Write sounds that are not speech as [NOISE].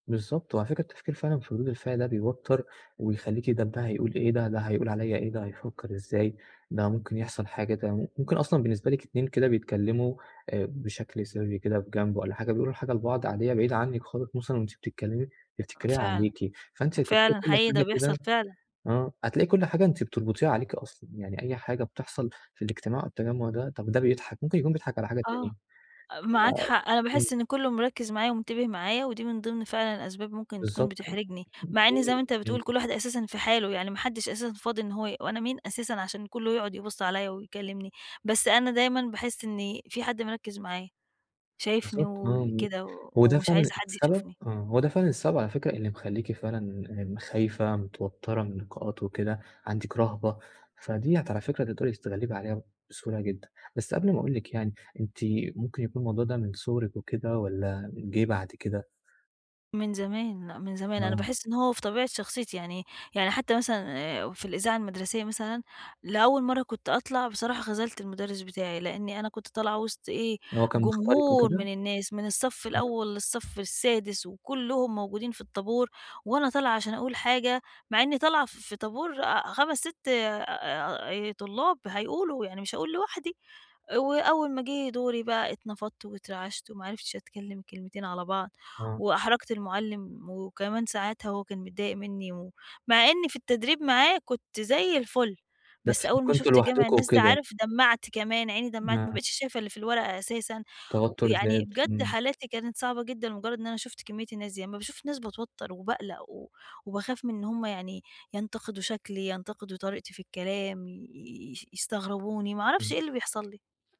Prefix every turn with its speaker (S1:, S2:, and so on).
S1: بالضبط، وعلى فكرة التفكير فعلًا في ردود الفعل ده بيوتر ويخليكِ طب ده هيقول إيه، ده، ده هيقول عليَّ إيه، ده هيفكر إزاي، ده ممكن يحصل حاجة، ده مم ممكن أصلًا بالنسبة لِك اتنين كده بيتكلّموا آآ بشكل سرِّي كده في جنب والّا حاجة، بيقولوا حاجة لبعض عادية بعيدة عنِّك خالص مثلًا وأنتِ بتتكلّمي بتفتكريها
S2: فعلًا،
S1: عليكِ، فأنتِ
S2: فعلًا
S1: [UNINTELLIGIBLE] كل
S2: حقيقي ده
S1: حاجة
S2: بيحصل
S1: كده
S2: فعلًا.
S1: آه هتلاقي كل حاجة أنتِ بتربطيها عليكِ أصلًا، يعني أي حاجة بتحصل في الاجتماع أو التجمع ده، طَب ده بيضحك، ممكن يكون بيضحك على حاجة تانية
S2: آه، آآ،
S1: ما
S2: معاك حق، أنا
S1: إمم.
S2: باحس إن كّله مركِّز معايّا، ومنتبه معايّا ودي من ضمن فعلًا الأسباب ممكن تكون
S1: بالضبط،
S2: بتحرجني، مع إن زي ما أنتَ
S1: [UNINTELLIGIBLE] إمم.
S2: بتقول كل واحد أساسًا في حاله، يعني ما حدش أساسًا فاضي إن هو ي وأنا مين أساسًا عشان كلّه يقعد يبص عليَّ ويكلمني، بس أنا دايمًا باحس إنِ في حد مركز معايّا، شايفني
S1: بالضبط، آه،
S2: وكده و
S1: وده
S2: ومش
S1: فعلًا
S2: عايزة حد
S1: السبب،
S2: يشوفني.
S1: آه، هو ده فعلًا السبب على فكرة اللي مخلّيكِ فعلًا م خايفة، متوترة من اللقاءات وكده، عندك رهبة، فَديَّة على فكرة تقدري تتغلِّبي عليها بسهولة جدًا، بس قبل ما أقول لِك يعني، أنتِ ممكن يكون الموضوع ده من صُغرِك وكده والّا جِه بعد كده؟
S2: من زمان لأ، من زمان، أنا
S1: آه.
S2: باحس إن هو في طبيعة شخصيتي يعني يعني حتى مثلًا آآ في الإذاعة المدرسية مثلًا، لأول مرّة كنت أطلع بصراحة خَذلت المدرس بتاعي، لأن أنا كنت طالعة وسط إيه،
S1: هو كان مختارِك
S2: جمهور
S1: وكده؟
S2: من الناس من الصف
S1: امم.
S2: الأول للصف السادس، وكلّهم موجودين في الطابور، وأنا طالعة عشان أقول حاجة، مع إنّي طالعة ف في طابور، آآ، 5، 6 أ أ طلاب هيقولوا، يعني مش هاقول لوحدي. وأول ما جِه دوري بقى اتنفضت واترعشت و ما عرفتش أتكلم كلمتين على بعض،
S1: آه.
S2: وأحرجت المعلِّم، وكمان ساعاتها هو كان متضايق منّي، و مع إن في التدريب معاه كنت زي الفُل،
S1: بس
S2: بس أول ما
S1: كنتم
S2: شُفْت جمع
S1: لوحدكم
S2: الناس ده
S1: وكده.
S2: عارف دمَّعت كمان، عيني دمَّعت
S1: إمم.
S2: ما بَقيتش شايفة اللي في الورقة أساسًا، و
S1: توتُّر
S2: يعني
S1: زاد،
S2: بجد
S1: إمم.
S2: حالاتي كانت صعبة جدًا، لمجرد إن أنا شُفْت كِميّة الناس دي، أما باشوف ناس باتوتر وباقلق، و وباخاف من إن هم يعني ينتقدوا شكلي، ينتقدوا طريقتي في الكلام ي ي يستغربوني، ما أعرفش
S1: إمم.
S2: إيه اللي بيحصل لي.